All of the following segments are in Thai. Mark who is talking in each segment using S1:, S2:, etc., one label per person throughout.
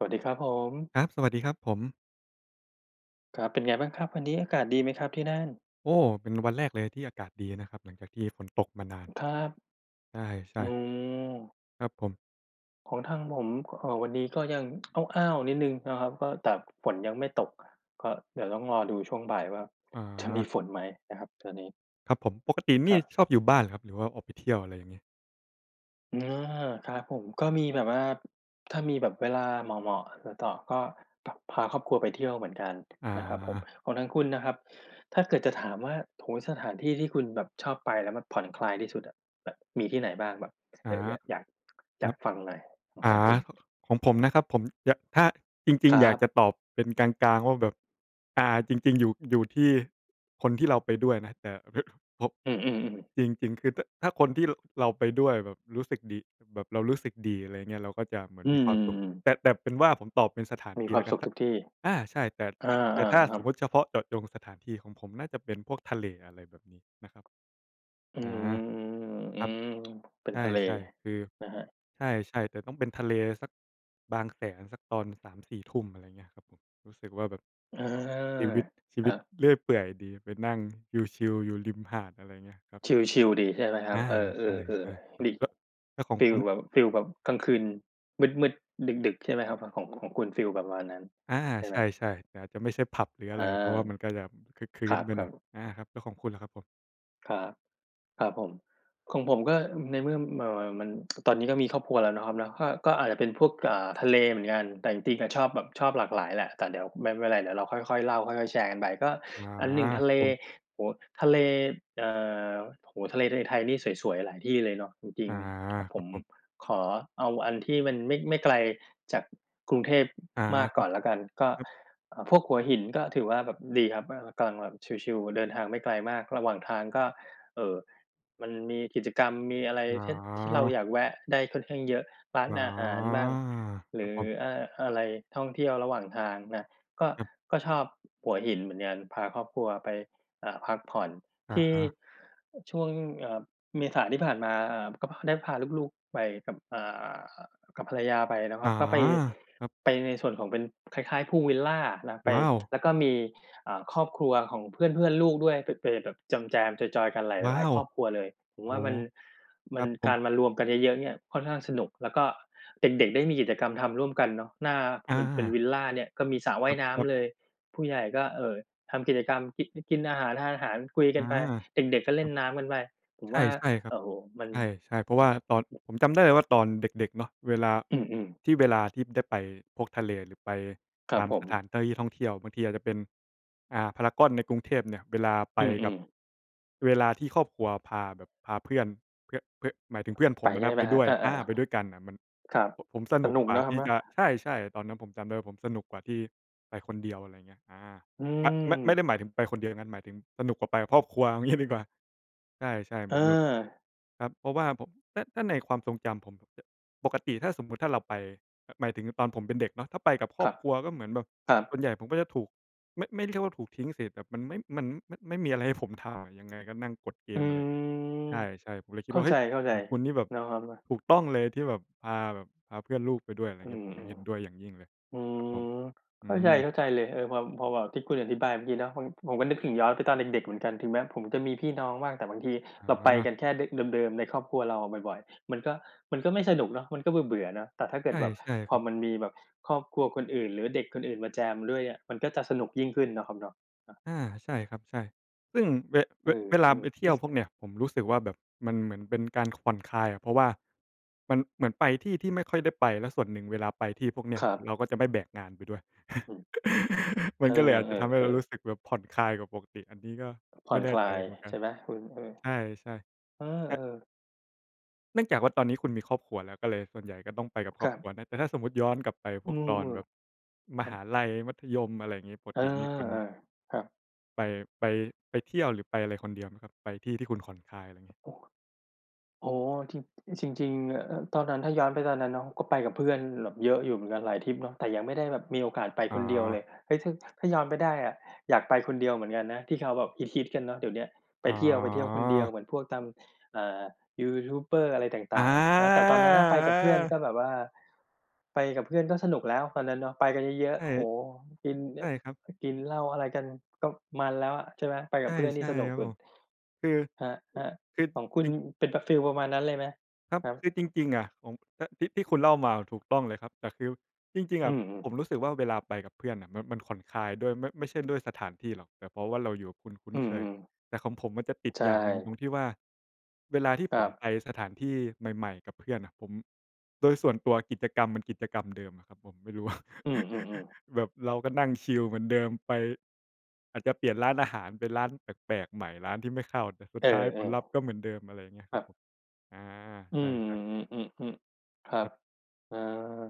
S1: สวัสดีครับผม
S2: ครับ สวัสดีครับผม
S1: ครับ เป็นไงบ้างครับ วันนี้อากาศดีไหมครับที่นั่น?
S2: โอ้! เป็นวันแรกเลยทีอากาศดีนะครับ หลังจากที่ฝนตกมานาน
S1: ครับ
S2: ใช
S1: อ๋
S2: ่ ๆ
S1: อ
S2: ครับผม
S1: ของทางผมก็ เอ่อ วันนี้ก็ยัง อ้าว ๆ นิดหนึ่งเนาะครับ ก็ แต่ฝนยังไม่ตก ก็เดี๋ยวต้องรอดูช่วงบ่ายว่าจะมี
S2: อา
S1: ฝนไหมนะครับ ตอนนี้
S2: ครับผม ปกติเน
S1: ค
S2: ี่
S1: ร
S2: ย
S1: ับ
S2: ชอบอยู่บ้านเหรอครับ? หรือว่าออกไปเที่ยว อะไรอย่างเงี้ย?
S1: เออ ครับผม ก็มีแบบว่า ถ้ามีแบบเวลาเหมาะ ๆ แล้วต่อ ก็ พ พาครอบครัวไปเที่ยวเหมือนกัน
S2: อ
S1: นะครับผม
S2: า
S1: ของทางคุณน่ะครับ ถ้าเกิดจะถามว่า โอ้โฮ! สถานที่ที่คุณแบบชอบไป แล้วมันผ่อนคลายที่สุดอะ แบบมีที่ไหนบ้าง? แบบเ
S2: อ
S1: ผล
S2: า
S1: อ อยาก อยาก อ
S2: ค
S1: ย
S2: ร
S1: า
S2: ั
S1: ก
S2: บ
S1: ฟังหน่อยของ
S2: อ
S1: ทา
S2: า
S1: งคุณ
S2: ของผมนะครับ ผม ยะ ถ้า จริ
S1: ค
S2: ง
S1: รั
S2: ๆ อยาก
S1: บ
S2: จะตอบเป็นกลาง ๆ ว่าแบบ อ่า จริง ๆ อยู่ อยู่ที่ คนที่เราไปด้วยนะ แต่พอ เพะ พบ
S1: อือ ๆ ๆ
S2: จริง ๆ คือถ้า ถ้าคนที่ ร เราไปด้วยแบบรู้สึกดี แบบเรารู้สึกดี อะไรเงี้ย เราก็จะเหมือ
S1: อ
S2: น
S1: ื
S2: มีความสุข
S1: ม
S2: แต่ แต่เป็นว่าผมตอบเป็นสถาน
S1: มี
S2: ที่
S1: คว
S2: แ
S1: า
S2: ล้
S1: ม
S2: วก
S1: ส
S2: ั
S1: ุ
S2: น
S1: ข
S2: ถ
S1: ท
S2: ้า
S1: ุกที่
S2: อา ใช่ แต่
S1: เอ
S2: แ
S1: อ
S2: ถะ แต่ถ้า
S1: ๆ ค
S2: ส
S1: รั
S2: ม
S1: บ
S2: มุติเฉพาะเจาะจงสถานที่ของผมน่าจะเป็นพวกทะเล อะไรแบบนี้นะครับ
S1: อื
S2: อา
S1: ม อือ ๆ อื
S2: ครับ
S1: ม เป็น
S2: ใ
S1: ทะเล
S2: ช่ ๆ คือ
S1: นะครับ
S2: ใช่ ๆ แต่ต้องเป็นทะเลสัก บางแสนสักตอน 3-4 ทุ่ม อะไรเงี้ยครับผม รู้สึกว่าแบบ
S1: อา
S2: ชีวิต ชี
S1: ค
S2: ว
S1: รั
S2: ิต
S1: บ
S2: เรื่อยเปื่อยดีไปนั่งชิล ๆ อยู่ริมหาด อะไรเงี้ยครับ
S1: ชิล ๆ ดีใช่ไหมคร
S2: อ
S1: ับ?
S2: า
S1: เออ
S2: ใช่
S1: ๆ
S2: ๆ ครั
S1: ๆ ด
S2: บ
S1: ี ฮ
S2: ล
S1: ิ
S2: แล้วขอ
S1: ฟ
S2: ง
S1: ี
S2: ค
S1: ล
S2: ุณ
S1: แบบ ฟีลแบบกลางคืนมืด ๆ ดึก ๆ ใช่ไหมครับ? ทางของ ของคุณฟีลประมาณนั้น
S2: อา
S1: ใช่ไ
S2: ใ
S1: ห
S2: ช
S1: ม?
S2: ่ ๆ แต่อาจจะไม่ใช่ผับหรือ
S1: อ
S2: อะ
S1: า
S2: ไร เพราะว่ามันก็แบบครึกครื
S1: ค
S2: ้
S1: ร
S2: นไปหน
S1: ั
S2: ่อย
S1: บ ๆ
S2: อา ครับ แล้วของคุณล่ะครับผม?
S1: ครับ ครับผม ของผมก็ในเมื่อ เอ่อ มัน มัน คือตอนนี้ก็ครอบครัวแล้วเนาะครับเนาะ ก็ ก็อาจจะเป็นพวก อ่า ทะเลเหมือนกัน แต่จริง ๆ น่ะ ชอบแบบชอบหลากหลายแหละ แต่เดี๋ยวไม่ ไม่เป็นไร เดี๋ยวเราค่อย ๆ เล่า ค่อย ๆ แชร์กันไป ก็
S2: อา
S1: อัน 1 ทะ
S2: คร
S1: เ
S2: ั
S1: ล
S2: บผม
S1: โอ้โฮ! ทะเล เอ่อ โอ้โฮ! ทะเล ทะเลไทยนี่สวย ๆ หลายที่เลยเนอะ จริ
S2: อ
S1: ง
S2: า
S1: ๆ อะ
S2: ค
S1: ผ
S2: รับ
S1: ม
S2: ผม
S1: ขอเอาอันที่มันไม่ ไม่ไกลจากกรุงเทพ
S2: อา
S1: มาก
S2: คร
S1: ก
S2: ั
S1: ่
S2: บ
S1: อนแล้วกัน ก็
S2: ครับ
S1: เอ่อ พวกหัวหินก็ถือว่าแบบดีครับมาก แล้วกำลังแบบชิล ๆ เดินทางไม่ไกลมาก ระหว่างทางก็ เอ่อ มันมีกิจกรรม มีอะไร
S2: อ
S1: เช่น ที่เรา
S2: า
S1: อยากแวะได้ค่อนข้างเยอะ ร้าน
S2: อา
S1: อาหารบ้าง ห
S2: ค
S1: ร
S2: รั
S1: ื
S2: บ
S1: อ
S2: ผม
S1: อ่า อะไรท่องเที่ยวระหว่างทางน่ะ ก็
S2: ครับ
S1: ก็ชอบหัวหินเหมือนกัน พาครอบครัวไป เอ่อ พักผ่อน
S2: อ
S1: ที่
S2: า
S1: ช่วง เอ่อ เมษาที่ผ่านมา เอ่อ ก็พอ ได้พาลูก ๆ ไปกับ อ่า อะ กับภรรยาไปเนาะค
S2: อ
S1: ร
S2: า
S1: ับ ก็ไป
S2: ครับ
S1: ไปในส่วนของเป็น คล้าย ๆ พูลวิลลา แล้วไป
S2: ว้าว!
S1: แล้วก็มี อ่า ครอบครัวของเพื่อน ๆ ลูกด้วย ไป ไปแบบแจม ๆ จอย ๆ กันหลาย
S2: ว้
S1: หล
S2: า
S1: าย
S2: ว!
S1: ครอบครัวเลย ผม
S2: โอ
S1: ว
S2: ้
S1: ่าม
S2: โ
S1: ั
S2: ฮ!
S1: น
S2: ค
S1: มั
S2: รั
S1: น
S2: บผ
S1: กา
S2: ม
S1: รมารวมกันเยอะ ๆ เนี่ยค่อนข้างสนุก แล้วก็เด็ก ๆ ได้มีกิจกรรมทำร่วมกันเนาะ หน้า
S2: อ
S1: มันเป็น
S2: า
S1: วิลลาเนี่ย ก็มีสระว
S2: ค
S1: ่า
S2: รั
S1: ย
S2: บ
S1: น้
S2: ครับ
S1: ำเลย ผู้ใหญ่ก็ เอ่อ ทำกิจกรรม กินิ กินอาหาร ทานอาหาร คุยก
S2: อ
S1: ั
S2: า
S1: นไป เด็ก ๆ ก็เล
S2: ค
S1: ่
S2: รั
S1: น
S2: บ
S1: น้ำกันไป ผม
S2: ใช
S1: ว่า
S2: ่ ๆ คร
S1: โ
S2: ับ
S1: อ้โฮ! มัน
S2: ใช่ ๆ เพราะว่าตอน ผมจำได้เลยว่าตอนเด็ก ๆ เนาะ เวลา
S1: อืม ๆ
S2: ที่เวลาที่ได้ไปพวกทะเลหรือไป
S1: ครั
S2: ต
S1: บ
S2: าม
S1: ผ
S2: ส
S1: ม
S2: ถานที่ ท่องเที่ยว บางทีอาจจะเป็น อ่า พารากอนในกรุงเทพเนี่ย เวลาไป
S1: อื
S2: กับ
S1: ม ๆ
S2: เวลาที่ครอบครัวพาแบบพาเพื่อน เพือ เพือ หมายถึงเพื่อนผ
S1: ไป
S2: มอะ
S1: ใช่
S2: น
S1: ได
S2: ะ
S1: ้ไ
S2: ไ
S1: ห
S2: ป
S1: มคร
S2: ด
S1: ั
S2: ้
S1: บ?
S2: ว
S1: เ
S2: ย
S1: อ
S2: อา
S1: อ
S2: ไปด้วยกันน่ะมัน
S1: ๆ ครับ
S2: โผะ ผมส
S1: ส
S2: นุก
S1: นุก
S2: กว่
S1: เ
S2: า
S1: นาะคร
S2: ท
S1: ับ
S2: ี่
S1: เนาะ
S2: จะ ใช่ ๆ ตอนนั้นผมจำได้ว่าสนุกกว่าที่ไปคนเดียว อะไรเงี้ย อา
S1: อื
S2: มะ ไม่ ไม
S1: ม
S2: ่ได้หมายถึงไปคนเดียวอย่างงั้น หมายถึงสนุกกว่าไปแบบครอบครัว เอางี้ ดีกว่า ใช่ ๆ เ
S1: เ
S2: หมือนแบบ
S1: ออ
S2: ครับ เพราะว่าผม ถ้า ถ้าในความทรงจำผม ผมจะ ปกติถ้าสมมุติ ถ้าเราไป หมายถึงแบบตอนผมเป็นเด็กเนาะ ถ้าไปกับคร
S1: ค
S2: อ
S1: รั
S2: บ
S1: บ
S2: ครัวก็เหมือนแบบ
S1: ครั
S2: ส
S1: บ
S2: ่วนใหญ่ผมก็จะถูก ไม่ ไม่ได้เรียกว่าถูกทิ้งเสร็จ แบบมันไม่ มัน มะ ไม่มีอะไรให้ผม ถ่า ยังไงก็นั่งกดเก
S1: อื
S2: ม อะไรเงี้ย ใช
S1: ม
S2: ่ ๆ ผมเลยค
S1: เ
S2: ิด
S1: ข้
S2: ว
S1: า
S2: ่า เฮ
S1: ใจ
S2: ้ย! ข ของคุณนี่แบบ
S1: ๆ เนาะครับเนาะ
S2: ถูกต้องเลย ที่แบบพาแบบพาเพื่อนลูกไปด้วย อะไร
S1: อื
S2: เงี้ย
S1: ม
S2: ผม
S1: อื
S2: เ
S1: ม
S2: ห็นด้วยอย่างยิ่งเลย
S1: อื
S2: ครับผม
S1: ม
S2: อื
S1: เข้าใ
S2: ม
S1: จ ๆ เลย เออ พำ พอแบบที่คุณอธิบายเมื่อกี้เนาะ มัน ผมก็นึกถึงย้อนไปตอนเด็ก ๆ เหมือนกัน ถึงแม้ผมจะมีพี่น้องบ้าง แต่บางทีเราไป
S2: อา
S1: กันแค่ ดึ เดิม ๆ ในครอบครัวเราอะบ่อย ๆ มันก็ มันก็ไม่สนุกเนาะ มันก็เบื่อ ๆ เนาะ แต่ถ้าเก
S2: ใ
S1: ิ
S2: ช
S1: ด
S2: ่
S1: แบบ
S2: ใช่
S1: พ
S2: ค
S1: อ
S2: รับ
S1: มันมีแบบครอบครัวคนอื่นหรือเด็กคนอื่นมาแจมด้วยอะ มันก็จะสนุกยิ่งขึ้นเนาะครับเนาะ อะ
S2: อา ใช่ครับ ใช่ ซึ่งเว
S1: เอ
S2: เว
S1: อ
S2: เวลาไปเท
S1: ๆ เอ
S2: ี่
S1: ๊
S2: ย
S1: ย
S2: ว
S1: ส
S2: พวกเนี้ย ผมรู้สึกว่าแบบมันเหมือนเป็นการ ผ่อนคลายอะ เพราะว่า มันเหมือนไปที่ที่ไม่ค่อยได้ไป แล้วส่วนหนึ่งเวลาไปที่พวกเนี้
S1: ค
S2: ย
S1: รับ
S2: เราก็จะไม่แบกงานไปด้วย
S1: อืม
S2: ม
S1: เ
S2: ั
S1: อ
S2: นก็เลยอาจจะทำให้เรา
S1: อ
S2: รู
S1: ๆ ๆ
S2: ้สึกแบบผ่อนคลายกว่าปกติ อันนี้ก็
S1: ผ
S2: ไ
S1: ่
S2: ม
S1: อ
S2: ่
S1: น
S2: แน
S1: ค
S2: ่
S1: ลา
S2: ใจ
S1: ย
S2: เหมือนกั
S1: ใช
S2: น
S1: ่ไหมคุณ? อือ
S2: ใช่ ๆ เออ
S1: เอ
S2: ะ
S1: อ ๆ
S2: เนื่องจากว่าตอนนี้คุณมีครอบครัวแล้ว ก็เลยส่วนใหญ่ก็ต้องไปกับค
S1: ค
S2: รอ
S1: ร
S2: บ
S1: ั
S2: ค
S1: บ
S2: รัวนะ แต่ถ้าสมมุติย้อนกลับไป
S1: อ
S2: พ
S1: ื
S2: วก
S1: ม
S2: ตอนแบบ ม
S1: ๆ ครั
S2: ห
S1: บ
S2: าลัย มัธยม อะไรงี้ ป
S1: เ
S2: ก
S1: ออ
S2: ตินี่คุณ
S1: ๆ ครับ
S2: ไป ไป ไปเที่ยวหรือไปอะไรคนเดียวไหมครับ? ไปที่ที่คุณผ่อน คลาย อะไรงี้
S1: โอ้ โอ้โฮ! ทริป จริง ๆ เอ่อ เอิบ ตอนนั้น ถ้าย้อนไปตอนนั้นเนาะ ก็ไปกับเพื่อนแบบเยอะอยู่เหมือนกันหลายทริปเนาะ แต่ยังไม่ได้แบบมีโอกาสไป
S2: อ
S1: คนเดียวเล
S2: า
S1: ย เฮ้ย! ถะ ถ้า ถ้าย้อนไปได้อะ อยากไปคนเดียวเหมือนกันนะ ที่เขาแบบฮิต ๆ กันเนาะเดี๋ยวเนี้ย ไป
S2: อ
S1: เที่ยว ไปเที่ยวคนเดียว
S2: า
S1: เหมือนพวกตาม อ่า ยูทูบเบอร์อะไรต
S2: อ
S1: ่าง ๆ เนาะ แต่ตอนนั้นน่ะไปกับเพื่อน
S2: า
S1: ก็แบบว่า ไปกับเพื่อนก็สนุกแล้วตอนนั้นเนาะ ไปกันเยอะ
S2: ใช่
S1: ๆ โอ้โฮ! กิน น
S2: ใช่ครับ
S1: กินเหล้าอะไรกัน ก็มันแล้วอะ ใช่ไหม ไป
S2: ใ
S1: ก
S2: ช
S1: ับเพื่อนนี่
S2: ่
S1: สนุ
S2: ๆ
S1: ก
S2: ครับ
S1: สุ
S2: ผ
S1: ด
S2: ม คือ
S1: ครับ
S2: อ คือ
S1: ๆ ของคุ
S2: อย
S1: ณ
S2: ู่
S1: เป็น ปะ ฟีลประมาณนั้นเลยไหม?
S2: ครับ
S1: ครั
S2: ค
S1: บ
S2: ือจริง ๆ อะ ของ ตะ ที่ ที่คุณเล่ามามันถูกต้องเลยครับ แต่คือจริง ๆ
S1: อ
S2: อ
S1: ื
S2: ะ
S1: ม ๆ
S2: ผมรู้สึกเวลาไปกับเพื่อนน่ะ มัน มันผ่อน คลายด้วย มะ ไม่ใช่ด้วยสถานที่หรอก แต่เพราะว่าเราอยู่คนคุ้
S1: อ
S2: น
S1: ื
S2: เคย
S1: ม ๆ
S2: แต่ของผมอะจะติด
S1: ใช
S2: อย่างหนึ่ง ตร
S1: ่
S2: งที่ว่าเวลาที่
S1: ค
S2: ผ
S1: รั
S2: ม
S1: บ
S2: ไปสถานที่ใหม่ ๆ กับเพื่อนน่ะ ผม โดยส่วนตัวกิจกรรมมันกิจกรรมเดิมอะครับผม ไม่รู้ ว่า
S1: อือ ๆ ๆ
S2: แบบเราก็นั่งชิลเหมือนเดิมไป อาจจะเปลี่ยนร้านอาหารเป็นร้านแปลก ๆ ใหม่ ร้านที่ไม่เข้า แต่สุ
S1: เ
S2: ด
S1: อ
S2: ท้ายผล
S1: อ
S2: ลัพธ์ก็เหมือนเดิม อะไรเงี้ย
S1: ๆ ค
S2: คร
S1: ร
S2: ั
S1: ั
S2: บ
S1: บ
S2: ผม อา
S1: อื
S2: ใช
S1: ม
S2: ่ ๆ
S1: อือ ๆ ๆ อึ ครับ
S2: ครับ
S1: เออ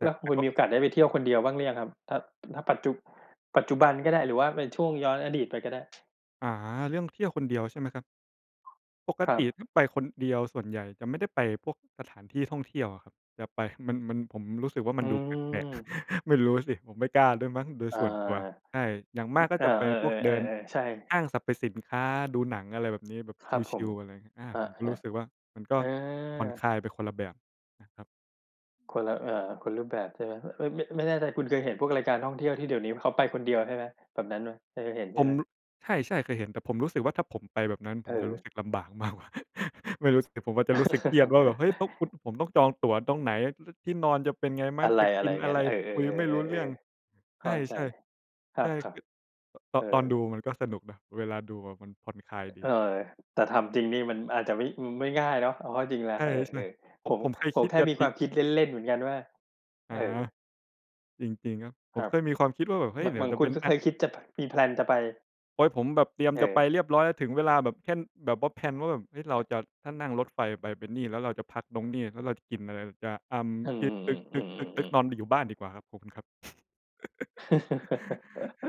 S2: แต
S1: แล
S2: ่
S1: ้ว
S2: แต่
S1: คุณ
S2: ก็
S1: มีโอกาสได้ไปเที่ยวคนเดียวบ้างหรือยังครับ? ถ้า ถ้าปัจจุ ปัจจุบันก็ได้หรือว่าเป็นช่วงย้อนอดีตไปก็ได้?
S2: อา เรื่องเที่ยวคนเดียวใช่ไหมครับ? ปก
S1: ครั
S2: ต
S1: บ
S2: ิ ถ้าไปคนเดียวส่วนใหญ่จะไม่ได้ไปพวกสถานที่ท่องเที่ยวอะครับ จะไป มันเหมือนผมรู้สึกว่า
S1: อ
S2: มั
S1: ื
S2: นดูแปลก ๆ
S1: ม
S2: ไม่รู้สิ ผมไม่กล้าด้วยมั้งโดย
S1: อา
S2: ส่วนตัว ใช่ อย่างม
S1: อึ
S2: ากก็
S1: อา
S2: จะไป
S1: เออ
S2: พวกเดิน
S1: ๆ ๆ ๆ ใช่
S2: ห้างสรรพสินค้าดูหนัง อะไรแบบนี้ แบบ
S1: ครับผ
S2: ช
S1: ม
S2: ิล ๆ อะไรเงี้ย อา
S1: คร
S2: ผมก็ร
S1: ั
S2: ู
S1: บ
S2: ้สึกว่ามันก
S1: ๆ เ
S2: ็
S1: อ
S2: ผ่อ
S1: อ
S2: นคลายไปคนละแบบนะครับ
S1: คนละ เอ่อ คนรูปแบบใชไหม? เฮ้ย เอ๊ย! ไม่ ไม่แน่ใจคุณเคยพวกรายการท่องเที่ยวที่เดี๋ยวนี้เขาไปคนเดียวใช่ไหม? แบบนั้นไหม? เคยเห็นใช
S2: ผ
S1: ่ไ
S2: ม
S1: หม?
S2: ล ใช่ ๆ เคยเห็น แต่ผมรู้สึกว่า ถ้าผมไปแบบนั้นผ
S1: เ
S2: มจะรู้
S1: ออ
S2: สึกลำบาก มากกว่า ไม่รู้สิ ผมอาจจะรู้สึกเครียดว่าแบบ เฮ้ย! ต้องอุด ผมต้องจองตั๋วตรงไหน รึด ที่นอนจะเป็นไงไหม
S1: อะไร
S2: จะกินอ
S1: ๆ ง
S2: ะ
S1: ั้
S2: ไร
S1: น เออ
S2: คุยไม่รู้เรื่อง
S1: ๆ ๆ ๆ ๆ ๆ เ
S2: ใ
S1: ข
S2: ช
S1: ้
S2: ่
S1: าใจ คร
S2: ๆ ใช่
S1: ั
S2: ค
S1: บ
S2: ือ เต
S1: ๆ เ
S2: า
S1: อ
S2: ะ ตอนดู
S1: อ
S2: มันก็สนุกนะ เวลาดูอะมันผ่อนคลายด
S1: เ
S2: ี
S1: ออ แต่ทำจริงนี่มันอาจจะไม่ อืม ไม่ง่ายเนาะ เอาเข้าจริงแล้ว
S2: ใช่
S1: เออ
S2: ๆ โผ
S1: ๆ ผ
S2: ะ
S1: ม
S2: ผมเคย
S1: ผ
S2: ค
S1: ม
S2: ิด
S1: แค่
S2: จะ
S1: มี
S2: ป
S1: ค
S2: ิ
S1: วามคิดเล่น ๆ เหมือนกันว่า
S2: อ
S1: เ
S2: า
S1: ออ
S2: จริง ๆ ครับ ผ
S1: คร
S2: ม
S1: ั
S2: เ
S1: บ
S2: คยมีความคิดว่าแบบ เฮ้
S1: แบ
S2: ย!
S1: บ
S2: เด
S1: เ
S2: ี๋
S1: หม
S2: ย
S1: ื
S2: ว
S1: อน
S2: จะ
S1: คุ
S2: เป็
S1: ณ
S2: น
S1: ก็
S2: แอ
S1: เค
S2: ด
S1: ยคิดจะไพ มี แพลน จะไป
S2: โอ๊ย! ผมแบบเตรียม
S1: เ
S2: จะไป
S1: ออ
S2: เรียบร้อย ถึงเวลาแบบแค่ แบบว่า แพลน ว่าแบบ เฮ้ย เราจะ ถ้านั่งรถไฟไปเป็นนี่ แล้วเราจะพักตรง นี่ แล้วเราจะกินอะไร เราจะ เอ่อ
S1: อืม
S2: คิด ตึ
S1: ๆ ๆ อืม
S2: ๊ก
S1: ๆ
S2: ๆ ๆ
S1: ๆ
S2: ๆ นอน บิ อยู่บ้านดีกว่าครับ ขอบคุณครับ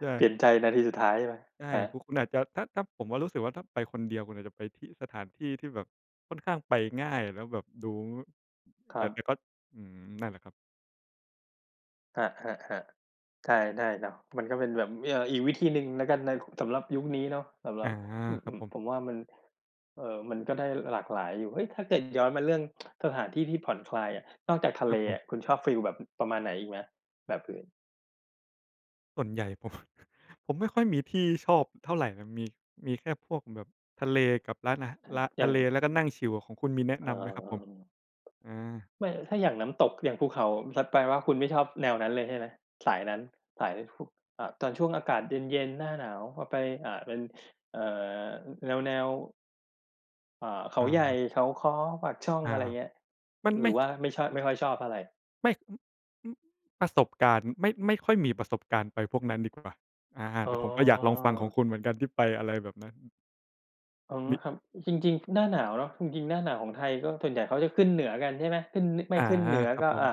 S2: ใช
S1: เปล
S2: ่
S1: ี่ยนใจนาทีสุดท้ายใช่ไหม?
S2: ใช่
S1: หา
S2: คือคุณอาจจะ ถ้า ถ้าผมอะรู้สึกว่า ถ้าไปคนเดียวก็อาจจะไปที่ สถานที่ที่แบบค่อนข้างไปง่าย แล้วแบบดู ง
S1: คร
S2: แบ
S1: ั
S2: บ แ
S1: บ
S2: ต่ก็ อืม นั่นแหละครับ
S1: ครับ ๆ ๆ ได้ ได้เนาะ มันก็เป็นแบบมี เอ่อ อีกวิธีหนึ่งแล้วกันใน สำหรับยุคนี้เนาะ สำหร
S2: อ
S1: ั
S2: า
S1: บ อื
S2: ครับ
S1: อ
S2: ผม
S1: ๆ ผมว่ามัน เอ่อ มันก็ได้หลากหลายอยู่ เฮ้ย! ถ้า เกิดย้อนมาเรื่อง สถานที่ที่ผ่อนคลายอะ นอกจากทะ
S2: ค
S1: เ
S2: ร
S1: ล
S2: ับผ
S1: อ
S2: ม
S1: ะ คุณชอบฟีลแบบ อ ประมาณไหนอีกไหม แบบอื่น?
S2: ส่วนใหญ่ ผม ผมไม่ค่อยมีที่ชอบเท่าไรนะ มี มีแค่พวกแบบทะเลกับร้านอา
S1: เออ
S2: ร้าน
S1: อย
S2: ท
S1: ่า
S2: ะ
S1: ง
S2: เล แล้วก็นั่งชิลอะ ของคุณมีแนะ
S1: เอ
S2: น
S1: อ
S2: ำไหมครับผ
S1: ๆ
S2: ม?
S1: ๆ อืม
S2: อา
S1: ไม่ ล ถ้าอย่างน้ำตก อย่างภูเขา ผมซัดไปว่า คุณไม่ชอบแนวนั้นเลยใช่ไหม? สายนั้น สายในภู เอ่อ ตอนช่วงอากาศเย็น ๆ หน้าหนาว ว่าไป อ่า เป็น เอ่อ แนว ๆ อ่า เขา
S2: อ
S1: ใหญ่
S2: า
S1: เขาค้อ ปากช่อง
S2: อ้า
S1: อะไร
S2: ว!
S1: เงี้ย
S2: มัน
S1: หร
S2: ไ
S1: ื
S2: ม
S1: อ
S2: ่
S1: ว่
S2: ช
S1: าไม่ชอบ ไม่ค่อยชอบเพราะอะไร?
S2: ไม่ อึ อึ๊ ประสบการณ์ ไม่ ไม่ค่อยมีประสบการณ์ไปพวกนั้น ดีกว่า อา
S1: อ๋
S2: แต่ผมก็อยากลองฟังขอ
S1: อ
S2: งคุณเหมือนกันที่ไปอะไรแบบนั้น
S1: อ๋อ
S2: มี
S1: ครับ จริง ๆ หน้าหนาวเนาะ จริง ๆ หน้าหนาวของไทยก็ส่วนใหญ่เขาจะขึ้นเหนือกัน ใช่ไหม ขึ้น น ไม่
S2: อา
S1: ขึ้นเหนือ
S2: ครั
S1: ก
S2: บ
S1: ็
S2: ผ
S1: อ่
S2: ม
S1: า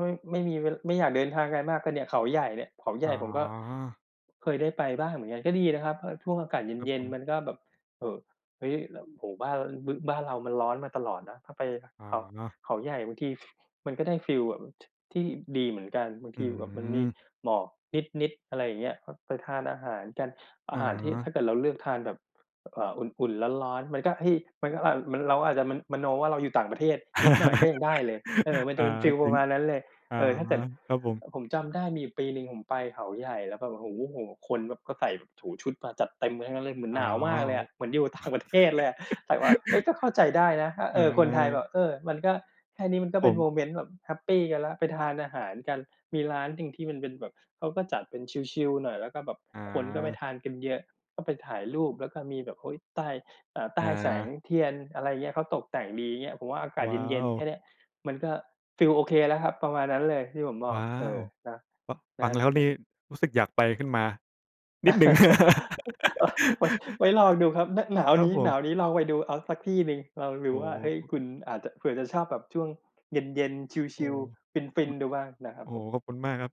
S1: ไม่ ไม่มีเว ไม่อยากเดินทางไกลมาก ก็เนี่ยเขาใหญ่เนี่ย เขาให
S2: อ
S1: ญ
S2: ๋
S1: ่
S2: อ
S1: ผมก็ เคยได้ไปบ้างเหมือนกัน ก็ดีนะครับ พอช่วงอากาศเ
S2: ครับ
S1: ย็
S2: ผ
S1: น ๆ
S2: ม
S1: มันก็แบบ เอ่อ เฮ้ย! แล้ว โอ้โฮ! บ้าน ร บึ บ้านเรามันร้อนมาตลอดเนาะ ถ้าไป
S2: อ
S1: เขา
S2: ๋อ
S1: เขาใหญ่บางที ฟ มันก็ได้ฟีลแบบเหมือน ท ที่ดีเหมือนกัน บาง
S2: อ
S1: ท
S2: ื
S1: ีแบบมันมี
S2: ม
S1: หมอกนิด ๆ อะไรอย่างเงี้ย พ ไปทานอาหารกัน อา
S2: อ
S1: หารที่ ถ้
S2: า
S1: าเกิดเราเลือกทานแบบ เอ่อ อุ่น ๆ ร้อน ๆ มันก็ให้ มันก็ อ่า มัน เราก็อาจจะ มะ มโนว่าเราอยู่ต่างประเทศนิดหน่อยก็ยังได้เลย เออ มัน
S2: อ
S1: จะ
S2: า
S1: เป็นฟีล
S2: จ
S1: ป
S2: ร
S1: ร
S2: ิ
S1: ะ
S2: ง
S1: มาณนั้นเลย
S2: อา
S1: เอ่อ ถ้าเกิด
S2: ครับผ
S1: เ
S2: ม
S1: อ่อ ผมจำได้มีอยู่ปีหนึ่งผมไปเขาใหญ่ แล้วก็แบบ โอ้โฮ โอ้โฮ! คนแบบก็ใส่แบบ โอ้โฮ! ชุดมาจัดเต็มกันทั้งนั้นเลย เหมือน
S2: อ้
S1: ห
S2: า
S1: นาวมากเล
S2: ว
S1: ยอะ เหมือนอยู่ ต่างประเทศ เลยอะ ใส่มา เอ๊ย! แต่เข้าใจได้นะ ถ้า
S2: อ
S1: เอ่อ คนไทยแ
S2: า
S1: บบ เอ่อ มันก็ แค่นี้มันก็
S2: ผ
S1: เป็นโม
S2: ม
S1: เมนต์แบบแฮปปีกันแล้ว ไปทานอาหารกัน มีร้านหนึ่งที่มันเป็นแบบ เขาก็จัดเป็นชิล ๆ หน่อย แล้วก็แบบ
S2: อ
S1: คนก็ไป
S2: า
S1: ทานกันเยอะ ก็ไปถ่ายรูป แล้วก็มีแบบ โอ้โฮ! ใต้ เอ่อ ใต
S2: อ
S1: ้แสง
S2: า
S1: เทียน อะไรเงี้ย เขาตกแต่งดีเงี้ย ผมว่าอากาศ
S2: ว้า
S1: เย็น
S2: ว!
S1: ๆ แค่เนี้ยมันก็ฟีลโอเคแล้วครับ ประมาณนั้นเลยที่ผมบ
S2: ว
S1: อก
S2: ้า
S1: เอ
S2: ว!
S1: อ เนาะ
S2: ฟะ ฟ
S1: น
S2: ั
S1: ะ
S2: งแล้ว
S1: เฮ
S2: น
S1: อ
S2: ี
S1: ะ
S2: ่รู้สึกอยากไปขึ้นมา นิดหนึ่ง
S1: โอ๊ย! ไว้ ไว้ลองดูครับ นะ หนาว
S2: ครั
S1: น
S2: บ
S1: ี้
S2: ผ
S1: หน
S2: ม
S1: าวนี้ลองไปดูเอาสักที่หนึ่ง ลองด
S2: โ
S1: ู
S2: อ้
S1: ว่า เฮ้ย!
S2: โฮ! คุ
S1: คุณอาจจะ เผื่อจะชอบแบบช่วงเย็น ๆ ช
S2: โอ้!
S1: ิล ๆ ฟ
S2: ขอบ
S1: ิ
S2: ค
S1: น
S2: ุณ
S1: ๆ ดูบ้างนะครั
S2: โ
S1: บ
S2: อ้!
S1: ผม
S2: ขอบคุณมากครับ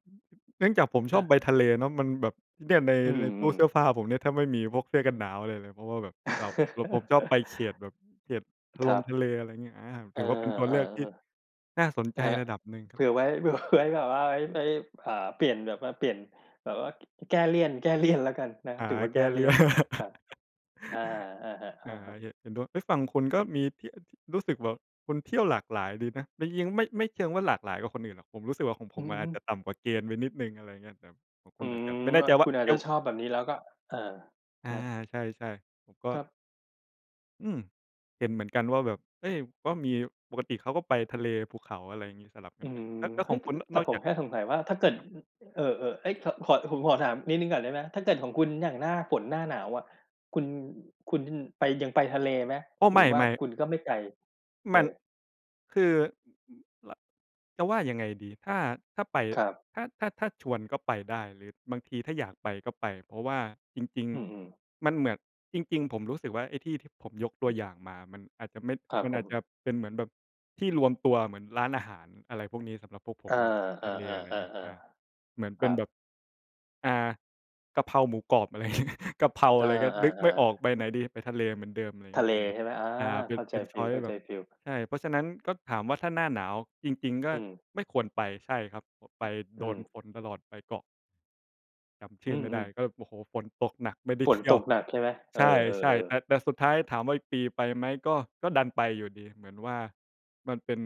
S2: เนื่องจากผม
S1: ค
S2: ช
S1: ร
S2: อ
S1: ั
S2: บ
S1: บ
S2: ไปทะเลเนาะมันแบบ เนี่ยใน
S1: อื
S2: ในตู้
S1: ม
S2: เส
S1: ๆ ๆ
S2: ื้อผ้าผมเนี่ย ถ้าไม่มีพวกเสื้อกันหนาวอะไรเลย เพราะว่าแบบเรา แล้วผมชอบไปเฉียดแบบเฉียด
S1: อ
S2: ทะ
S1: ค
S2: ล
S1: รั
S2: ง
S1: บ
S2: ทะเล อะไรเงี้ย อา
S1: เอ
S2: ถ
S1: อ
S2: ือว่าเป็นตัว
S1: เออ
S2: เลือกที่ น่าสน
S1: ๆ
S2: ใ
S1: ค
S2: จ
S1: รับ
S2: ระดับหนึ่งค
S1: เผ
S2: รับ
S1: ื่อไว้ เผื่อไว้ แบบว่า เฮ้ย! ไว้ อ่า เปลี่ยนแบบว่า เปลี่ยนแบบว่า ก ก แก้เลี่ยน แก้ เลี่ยน แล้วกันนะครั
S2: ห
S1: บ
S2: า
S1: ถือ
S2: ไร
S1: ว่า
S2: แ
S1: แ
S2: ก
S1: ก
S2: ้
S1: ้เ
S2: เ
S1: ล
S2: ล
S1: ี
S2: ี
S1: ่
S2: ่ยน
S1: ยน ครับ อา อะฮะ
S2: อ
S1: อ
S2: า
S1: ะครับ
S2: เหะ เห็นด้วย เอ๊ย! ฟังคุณก็มีที่ อะ ที่ รู้สึกแบบคุณเที่ยวหลากหลายดีนะ แล้วเยี้ยง ไม่ ไม่เชิงว่าหลากหลายกว่าคนอื่นหรอก ผมรู้สึกว่าของผ
S1: อื
S2: มม
S1: อ
S2: ัน
S1: ฮ
S2: อาจ
S1: ึ
S2: จะต่ำกว่าเกณฑ์ไปนิดหนึ่ง อะไรเงี้ย แบบของค
S1: อื
S2: ุณอาจ
S1: ม
S2: จะ ไม่แน่
S1: อ
S2: ใ
S1: ะ
S2: จว
S1: ค
S2: ่
S1: ุ
S2: า
S1: ณอา
S2: เ
S1: จ
S2: อ
S1: จะ
S2: ว
S1: ชอบแบบนี้ แล้วก็ เอ่อ
S2: อ
S1: ค
S2: า
S1: รับ
S2: ใช่ ๆ ผมก็
S1: ครับ
S2: อือ เห็นเหมือนกันว่าแบบ เฮ้ย! ว่ามี ปกติเขาก็ไปทะเล ภูเขา อะไรงี้ สลับกั
S1: อื
S2: นไป
S1: ม
S2: แล้ว แล้ว
S1: เฮ
S2: ข
S1: ้
S2: อ
S1: ย!
S2: งคุณ นะ
S1: แต่
S2: นอก
S1: ผ
S2: จา
S1: ม
S2: ก
S1: แค่สงสัยว่า ถ้าเกิด
S2: ครับ
S1: อ เออ ๆ เอ๊ย! เถาะ พอด ผมขอถามนิดหนึ่งก่อนได้ไหม? ถ้าเกิดของคุณอย่างหน้าฝน หน้าหนาวอะ คุณ คุณไป ยังไปทะเลไหม?
S2: โอ้! ไ
S1: หรือว่า
S2: ม่ ๆ
S1: คุณก็ไม่ไกล? เ
S2: ม
S1: อ
S2: ัน
S1: อ
S2: คือ ล จะว่ายังไงดี ถ้า ถ้าไป
S1: ครับ
S2: ถ้า ถ้า ถ้าชวนก็ไปได้ หรือบางทีถ้าอยากไปก็ไป เพราะว่าจริง
S1: อืม ๆ
S2: ๆ มันเหมือน จริง ๆ ผมรู้สึกว่าไอ้ที่ที่ผมยกตัวอย่างมามันอาจจะไม่
S1: ครับ
S2: มัน
S1: ผ
S2: อาจ
S1: ม
S2: จะเป็นเหมือนแบบที่รวมตัวเหมือนร้านอาหาร อะไรพวกนี้ สำหรับพวกผ
S1: เออ
S2: มมากกว่าทะเล อะไรเงี้ย อา
S1: ๆ
S2: เหมื
S1: ๆ
S2: อน
S1: ๆ ๆ ค
S2: เป
S1: ร
S2: ็
S1: ั
S2: นแบ
S1: บ
S2: บ อ่า กะเพราหมูกรอบ อะไร งี้ กะเพรา
S1: เอ
S2: อะไรเงี้ย นึกไ
S1: อ
S2: ม่ออ
S1: ๆ ๆ
S2: กไปไหนดี ไปทะเลเหมือน อะไรเง
S1: ท
S2: ี
S1: ะ
S2: ้ย
S1: เล
S2: ผม
S1: ใช่ไหม? อา
S2: อา เป็
S1: เข
S2: น
S1: ้า
S2: เ
S1: ใ
S2: ป
S1: จ
S2: ็น
S1: ฟ
S2: ชอยซ์ แบบ
S1: ีล ๆ
S2: ใช่ เพราะฉะนั้น ก็ถามว่าถ้าหน้าหนาว จริง ๆ ก็
S1: อืม
S2: ไม่ควรไป ใช่ครับ โผะ ไป
S1: อ
S2: โ
S1: ื
S2: ดน
S1: ม
S2: ฝนตลอด ไปเกาะ จำช
S1: อ
S2: ื
S1: ื
S2: ่อไม่ได
S1: อ
S2: ้
S1: ๆ
S2: ก็ โอ้โฮ! ฝนตกหนักไม่ได้
S1: ฝ
S2: เ
S1: น
S2: ที่
S1: ต
S2: ยว
S1: กหนักใช่ไหม? เอ
S2: ใ
S1: อ
S2: ช่ ๆ แต
S1: ๆ ๆ
S2: ่ แต่สุดท้ายถามว่า "อีกปีไปไหม?" ก็ ก็ดันไปอยู่ดี เหมือนว่ามันเป็น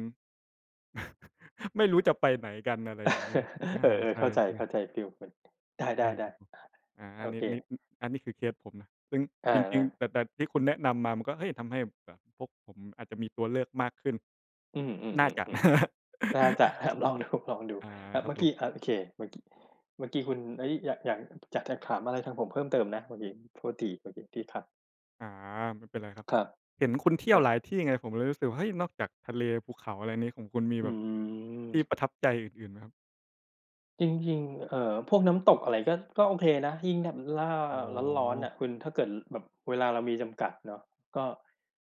S2: ไม่รู้จะไปไหนกัน อะไรอย่างงี้ ดึ อ
S1: เอ
S2: า
S1: อ
S2: ใช
S1: ๆ เข้าใจ
S2: ่
S1: เข้
S2: ๆ
S1: าใจฟีลเหมือน ไ
S2: ใช่
S1: ด
S2: ค
S1: ้
S2: รับผม
S1: ๆ
S2: อ
S1: ๆ
S2: า
S1: โอ
S2: นิ
S1: เ
S2: ด ๆ
S1: ค
S2: อึ อันนี้คือเคสผมนะ ซึ่ง
S1: เอ
S2: จร
S1: อ
S2: ิง ๆ
S1: ๆ
S2: แต่ แต่ที่คุณแนะนำมา มันก็ เฮ้ย! ทำให้แบบกะพวกผมอาจจะมีตัวเลือกมากขึ้น
S1: อือ
S2: น่าจะ นะ
S1: ๆ ๆ ๆ น่าจะ ครับ ลองดู ลองดู
S2: อา
S1: แบบ
S2: คร
S1: เ
S2: ั
S1: ม
S2: บ
S1: ื่อ
S2: ผ
S1: กี้
S2: ม
S1: อ่า โอเค เมื่อกี้ เมื่อกี้คุณ เอ๊ย! อยาก อยาก อยากจะถามอะไรทางผมเพิ่มเติมนะเมื่อกี้? โทษทีเมื่อกี้ที่ขัด
S2: อา ไม่เป็นไรครับ
S1: ครับ
S2: เห็นคุณเที่
S1: เอ
S2: ยว
S1: อ
S2: หลายที่ไง ผมเลยรู้สึกว่า เฮ้ย! นอกจากทะเล ภูเขา อะไรนี้ ของคุณมี
S1: อื
S2: แบบ ที่
S1: ม
S2: ประทับใจอื่น ๆ ไหมครับ?
S1: จริง ๆ เอ่อ พวกน้ำตกอะไรก็ ก็โอเคนะ ยิ่งแถบล่า
S2: อ๋
S1: ร้อน ๆ น
S2: อ
S1: ่ะคุณ ถ้าเกิดแบบเวลาเรามีจำกัดเนาะ ก็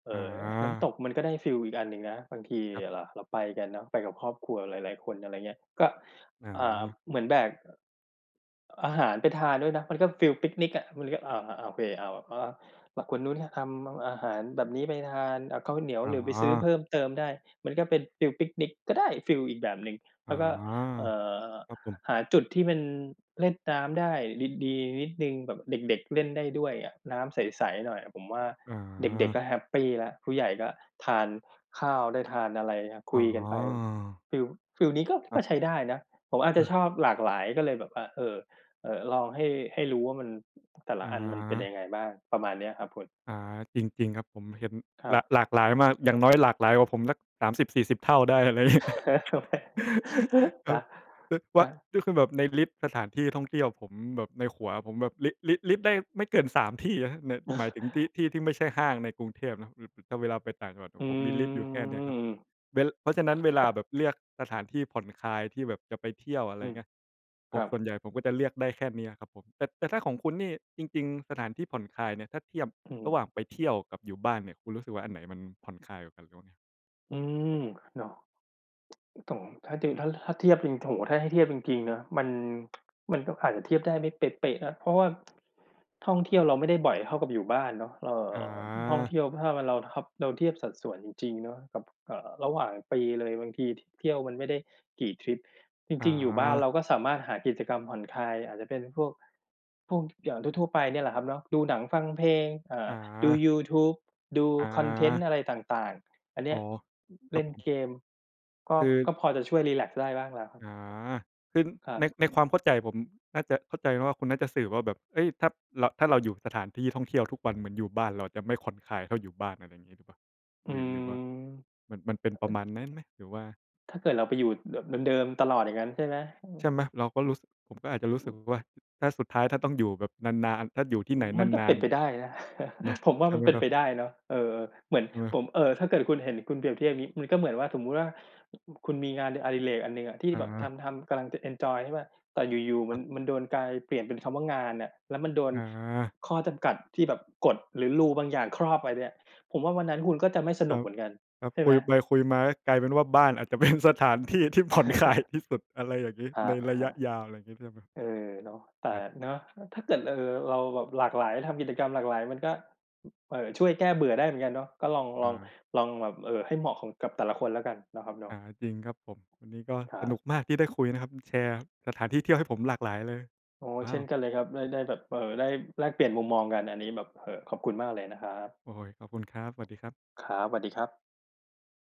S1: เอ่
S2: อ
S1: อ น้ำต
S2: า
S1: กมันก็ได้ฟีลอีกอันหนึ่งนะ บางที
S2: ครับ
S1: ระ เราไปกันเนาะ ไปกับครอบครัวหลาย ๆ คน อะไรเงี้ย ก็
S2: อ
S1: อ่า
S2: า
S1: เหมือนแบก อ อาหารไปทานด้วยนะ มันก็ฟีลปิกนิกอะ มันก็ อ่า อ่า โอเค อ้าว แบบ อะ อ่า แบบคนนู้นให้ทำแบบอาหารแบบนี้ไปทาน อ่า ข้าวเหนียว
S2: อ๋
S1: เดี๋ยวไปซื้อ
S2: อ
S1: เพิ่มเติมได้ มันก็เป็นฟีลปิกนิก ก็ได้ฟีลอีกแบบหนึ่ง
S2: อ
S1: แ
S2: ๋
S1: ล
S2: อ
S1: ้วก็ เอ่อ
S2: ครับผม
S1: หาจุดที่มันเล่นน้ำได้ดี ๆ นิดหนึ่ง แบบเด็ก ๆ เล่นได้ด้วยอะ น้ำใส ๆ หน่อยอะ ผมว่า
S2: อ
S1: เด็ก
S2: า
S1: ๆ ก็แฮปปีแล้ว ผู้ใหญ่ก็ทานข้าวได้ทานอะไรครับ ค
S2: อ๋
S1: ุย
S2: อ
S1: กันไป ฟีล ฟีลนี้ก็
S2: ค
S1: ก็
S2: รับ
S1: ใช้ได้นะ ผมอาจจ
S2: อ
S1: ะ
S2: า
S1: ชอบหลากหลายก็เลยแบบ อะ เอ่อ เอ่อ ลองให้ ให้รู้ว่ามัน แต่ละ
S2: อ
S1: อันมันเป็น
S2: า
S1: ยังไงบ้าง ประมาณเนี้ยครับคุณข
S2: อ
S1: อ
S2: า
S1: งผม
S2: จริง ๆ ครับ ผมเห็น
S1: คร
S2: ห
S1: ั
S2: ล
S1: บ
S2: า หลากหลายมาก อย่างน้อยหลากหลายกว่าผมสัก 30-40 เท่าได้ อะไร งี้ ค
S1: น
S2: รับ
S1: ะ
S2: อึ
S1: ค
S2: ว
S1: ร
S2: ะ
S1: ับ
S2: ก็คือแบบในลิสต์สถานที่ท่องเที่ยวผมแบบ ในหัวผมแบบ ลิสต์ ลิสต์ ลิสต์ได้ไม่เกิน 3 ที่นะครับ ใน หมายถึงที่ ที่ที่ไม่ใช่ห้างในกรุงเทพเนาะ ถ้าเวลาไปต่างจังหวะอ
S1: อื
S2: ะผมมีลิสต์อยู่แค่เนี้ยครับ
S1: ม
S2: เว้น ล เพราะฉะนั้น เวลาแบบเลือกสถานที่ผ่อนคลายที่แบบจะไปเที่ยว อะไ
S1: อ
S2: ร
S1: ือ
S2: เงี้ย ผ
S1: ครั
S2: ม
S1: บ
S2: ส่วนใหญ่ผมก็จะเลือกได้แค่เนี้ยครับผม แต่ แต่ถ้าของคุณนี่ จริง ๆ สถานที่ผ่อนคลายเนี่ย ถ้าเทียบ
S1: อื
S2: ร
S1: ม
S2: ะหว่างไปเที่ยวกับอยู่บ้านเนี่ย คุณรู้สึกว่าอันไหนมันผ่อนคลายกว่ากันหรือว่าไง?
S1: อืม เนาะ ต้อง ถ้าติ ถ้า ถ้าเทียบจริง โอ้โฮ! ถ้าให้เทียบจริง ๆ นะ มัน มันก็อาจจะเทียบได้ไม่เป๊ะ ๆ นะ เพราะว่า ท่องเที่ยวเราไม่ได้บ่อยเท่ากับอยู่บ้านเนาะ เอ่
S2: อ
S1: อ ท่องเท
S2: า
S1: ี่ยวถ้าเป็นเราทับ เราเทียบสัดส่วนจริง ๆ เนาะกับ เอ่อ ระหว่างปีเลย บางที ท เที่ยวมันไม่ได้กี่ทริป จริง ๆ อยู่บ้านเ
S2: อา
S1: ราก็สามารถหากิจกรรมผ่อนคลาย อาจจะเป็นพวก พวก ท อย่างทั่ว ๆ ไปเนี่ยแหละครับเนาะ ดูหนัง ฟังเพลง เอ่อ
S2: อ
S1: ดู
S2: า
S1: ยูทูบ ดู
S2: อ
S1: คอนเทนต
S2: า
S1: ์อะไรต่าง ๆ อันเนี
S2: อ๋
S1: ้
S2: อ
S1: ย
S2: ค
S1: เ
S2: ร
S1: ล
S2: ับ
S1: ่น
S2: ผม
S1: เกม ก็
S2: คือ
S1: ก็พอจะช่วยรีแลกซ์ได้บ้างแล้วครับ
S2: อา คือ
S1: ครั
S2: ใน
S1: บ
S2: ในความเข้าใจผม น่าจะเข้าใจว่าคุณน่าจะสื่อว่าแบบ เอ๊ย! ถ้าเรา ถ้าเราอยู่สถานที่ท่องเที่ยวทุกวันเหมือนอยู่บ้าน เราจะไม่ผ่อนคลายเท่าอยู่บ้าน อะไรงี้หรือเปล่า?
S1: อื
S2: หรือ หร
S1: ม
S2: ือว่า มัน มันเป็นประมาณนั้นไหม? หรือว่า
S1: ถ้าเกิดเราไปอยู่แบบเดิม ๆ ตลอดอย่างงั้นใช่ไหม? อื
S2: ใช
S1: ม
S2: ่ไหม? เราก็รู้สึก ผมก็อาจจะรู้สึกว่า ถ้าสุดท้าย ถ้าต้องอยู่แบบนาน ๆ ถ้าอยู่ที
S1: อ
S2: ่
S1: ื
S2: ไหน
S1: ม มันก็
S2: นา
S1: เป็
S2: น
S1: นไปได้นะ
S2: ๆ เนาะ
S1: ผมว่
S2: ใ
S1: า
S2: ช่
S1: มั
S2: ไห
S1: น
S2: ม
S1: เป็น
S2: ครั
S1: ไ
S2: บ?
S1: ปได้เนาะ เออ ๆ เหมือน
S2: อือ
S1: ผม เอ่อ ถ้าเกิดคุณเห็น คุณเปรียบเทียบงี้ มันก็เหมือนว่า สมมุติว่า คุณมีงานอดิเรกอันหนึ่งอะ ที่
S2: อ
S1: แบบท
S2: า
S1: ำ ๆ กำลังจะเอนจอย ใช่เปล่า แต่อยู่ ๆ ม
S2: ค
S1: ั
S2: ร
S1: น
S2: ับ
S1: มันโดนกลายเปลี่ยนเป็นคำว่างานน่ะ แล้วมันโดน ข
S2: อา
S1: ข้อจำกัด ที่แบบกฎหรือ Rule บางอย่างครอบไว้เนี่ย ผมว่าวันนั้นคุณก็จะไม่ส
S2: ค
S1: น
S2: ร
S1: ุ
S2: ั
S1: กเ
S2: บ
S1: หมือนกัน
S2: ครับ
S1: ใช่
S2: ค
S1: ไ
S2: ุ
S1: หม?
S2: ยไปคุยมา ก็กลายเป็นว่า บ้านอาจจะ เป็น สถานที่ที่ ผ่อนคลาย ที่สุด อะไรอย่างงี้
S1: ครั
S2: ในระยะ
S1: บ
S2: ยาว อะไรงี้ใช่ไหม?
S1: ๆ เออ เนาะ แต่
S2: อาจ
S1: เนาะ แล้วถ้าเกิด เอ่อ เราแบบหลากหลาย ทำกิจกรรมหลากหลายมันก็ อึ เอ่อ ช่วยแก้เบื่อได้เหมือนกันเนาะ ก็ลอง ล
S2: อ
S1: อง
S2: า
S1: ลองแบบ เอ่อ ให้เหมาะของ กับแต่ละคนแล้วกัน เนาะครับเนา
S2: อ
S1: ะ
S2: า จริงครับผม วันนี้ก็
S1: คร
S2: ส
S1: ั
S2: น
S1: บ
S2: ุกมากที่ได้คุยนะครับ แชร์สถานที่เที่ยวให้ผมหลากหลายเลย
S1: โอ้!
S2: ว้
S1: เช
S2: า
S1: ่น
S2: ว!
S1: กันเลยครับ ได้ ได้แบบ เอ่อ ได้แลกเปลี่ยนมุมมองกันอันนี้แบบ เอ่อ ขอบคุณมากเลยนะครับ
S2: โอ้โฮ! ขอบคุณครับ สวัสดีครับ
S1: ครับ สวัสดีครับ